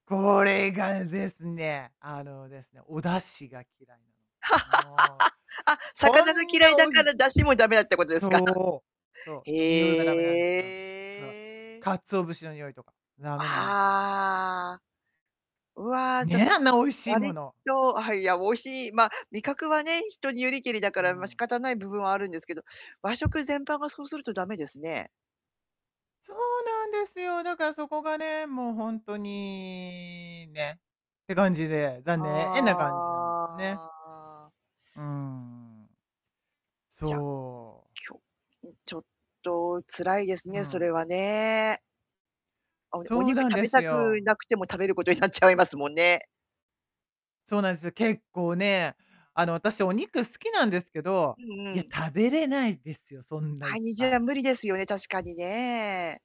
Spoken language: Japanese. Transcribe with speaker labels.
Speaker 1: これがですね、あの、ですね、お出汁が嫌いなの。もう、
Speaker 2: あ、
Speaker 1: こ
Speaker 2: 魚が
Speaker 1: ん
Speaker 2: 嫌い
Speaker 1: な
Speaker 2: だ
Speaker 1: お
Speaker 2: か
Speaker 1: だ
Speaker 2: ら出汁も駄目だってことですか？
Speaker 1: そう。そう、匂いが
Speaker 2: へ
Speaker 1: だめなんすよ。か
Speaker 2: え。
Speaker 1: 鰹節の匂いとか、駄目なんですよ。
Speaker 2: ああ。うわ、じゃ、
Speaker 1: ねえ、
Speaker 2: す、
Speaker 1: あんな美味しいも
Speaker 2: 割
Speaker 1: の。
Speaker 2: と、あ、はい、いや、美味しいまあ、味覚はね、人によりけりだか
Speaker 1: う
Speaker 2: ら、まあ、仕
Speaker 1: ん。
Speaker 2: 方ない部分はあるんですけど、和食全般がそうすると、だめですね。
Speaker 1: そうなんですよ。だからそこがね、もう、ほんとに、ね、って感じで、残念な感じなんですね。
Speaker 2: ああ。
Speaker 1: うーん。
Speaker 2: じゃ、
Speaker 1: そう。
Speaker 2: きょ、ん、ちょっと辛いです
Speaker 1: う
Speaker 2: ね、それ
Speaker 1: ん。
Speaker 2: はね。あ、ね、お
Speaker 1: そう
Speaker 2: 肉
Speaker 1: なん
Speaker 2: 食
Speaker 1: で
Speaker 2: べ
Speaker 1: す
Speaker 2: たく
Speaker 1: よ。
Speaker 2: なくても食べることになっちゃいますもんね。
Speaker 1: そうなんですよ。結構ね、あの、あたし、お肉好きなんですけど、
Speaker 2: うんう
Speaker 1: いや、
Speaker 2: ん。
Speaker 1: 食べれないですよ、そんない
Speaker 2: 毎
Speaker 1: っ
Speaker 2: 日
Speaker 1: ぱい。
Speaker 2: は無理ですよね、確かにね。